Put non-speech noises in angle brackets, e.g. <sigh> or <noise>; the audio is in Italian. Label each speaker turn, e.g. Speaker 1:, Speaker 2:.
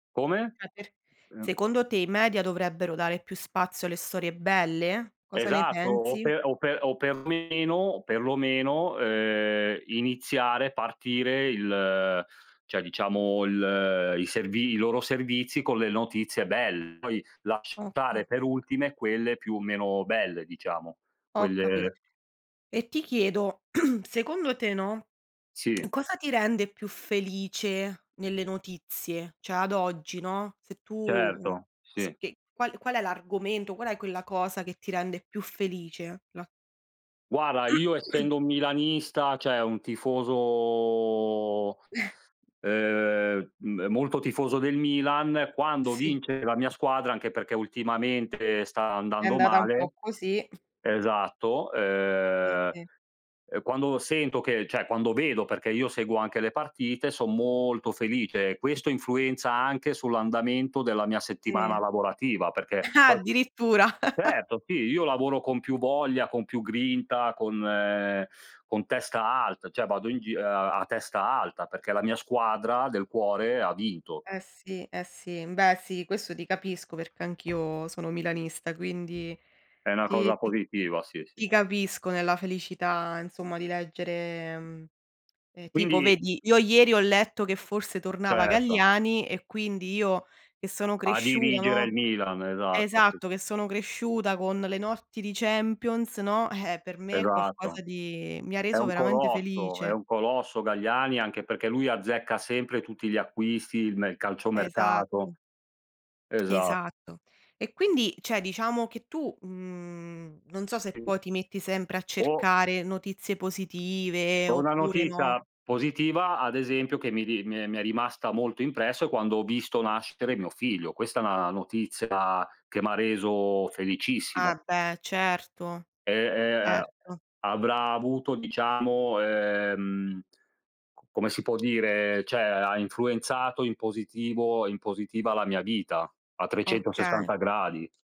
Speaker 1: Come?
Speaker 2: Eh, per
Speaker 1: Ehm
Speaker 2: secondo te, i media dovrebbero dare più spazio alle storie belle? Cosa ne
Speaker 1: Esatto, o
Speaker 2: pensi?
Speaker 1: pe o pe o per meno o perlomeno, ehm, iniziare, partire il cioè, diciamo, il i servi i loro servizi con le notizie belle. Poi
Speaker 2: Ho ca
Speaker 1: lasciare per ultime quelle più, meno belle, diciamo,
Speaker 2: Ho capito.
Speaker 1: quelle
Speaker 2: E ti chiedo, <clears throat> secondo te, no, <smacks lips>
Speaker 1: Sì.
Speaker 2: cosa ti rende più felice nelle notizie? Cioè, ad oggi, no, se tu
Speaker 1: Certo,
Speaker 2: s
Speaker 1: sì.
Speaker 2: che qual qual è l'argomento, qual è quella cosa che ti rende più felice, la
Speaker 1: Guarda, io
Speaker 2: <clears throat>
Speaker 1: essendo un milanista, cioè un tifoso,
Speaker 2: <chuckles>
Speaker 1: ehm, mhmm, molto tifoso del Milan, quando
Speaker 2: Sì.
Speaker 1: vince la mia squadra, anche perché ultimamente sta
Speaker 2: È
Speaker 1: andando
Speaker 2: andata un po'
Speaker 1: male
Speaker 2: così.
Speaker 1: esatto,
Speaker 2: Sì,
Speaker 1: ehm,
Speaker 2: sì.
Speaker 1: ehm, quando sento che cioè, quando vedo, perché io seguo anche le partite, son molto felice. Questo influenza anche sull'andamento della mia settimana
Speaker 2: Sì.
Speaker 1: lavorativa, perché
Speaker 2: Ah!
Speaker 1: poi
Speaker 2: Addirittura. <chuckles>
Speaker 1: certo, sì, io lavoro con più voglia, con più grinta, con, ehm, con testa alta, cioè, vado in gi a testa alta perché la mia squadra del cuore ha vinto.
Speaker 2: Eh sì, eh sì. Beh, sì, questo ti capisco perché anch'io sono milanista, quindi
Speaker 1: È una
Speaker 2: ti
Speaker 1: cosa
Speaker 2: ti
Speaker 1: positiva, sì, sì.
Speaker 2: ti capisco nella felicità, insomma, di leggere, mhmm e, tipo,
Speaker 1: Quindi
Speaker 2: vedi, io ieri ho letto che forse tornava
Speaker 1: Certo.
Speaker 2: Galliani e quindi io che sono
Speaker 1: A
Speaker 2: cresciuta,
Speaker 1: dirigere il
Speaker 2: no
Speaker 1: Milan, esatto, sì.
Speaker 2: esatto, che sono cresciuta con le notti di Champions, no, eh, per me è
Speaker 1: Esatto.
Speaker 2: qualcosa di mi ha
Speaker 1: È
Speaker 2: reso
Speaker 1: un
Speaker 2: veramente
Speaker 1: colosso, è
Speaker 2: felice.
Speaker 1: un colosso, Galliani, anche perché lui azzecca sempre tutti gli acquisti, il nel calciomercato
Speaker 2: Esatto. <smacks lips>
Speaker 1: Esatto.
Speaker 2: Esatto. E quindi, cioè,, diciamo che tu, mhmm, non so se poi ti metti sempre a
Speaker 1: O
Speaker 2: cercare notizie positive
Speaker 1: O una
Speaker 2: oppure, no
Speaker 1: notizia positiva, ad esempio, che mi ri mi è mi è rimasta molto impresso è quando ho visto nascere mio figlio. Questa è una notizia che m'ha reso
Speaker 2: Ah,
Speaker 1: felicissimo.
Speaker 2: beh, certo.
Speaker 1: Ehm ehm,
Speaker 2: Certo.
Speaker 1: avrà avuto, diciamo, ehm, c come si può dire, cioè, ha influenzato in positivo in positiva, la mia vita a
Speaker 2: Okay.
Speaker 1: 360 gradi.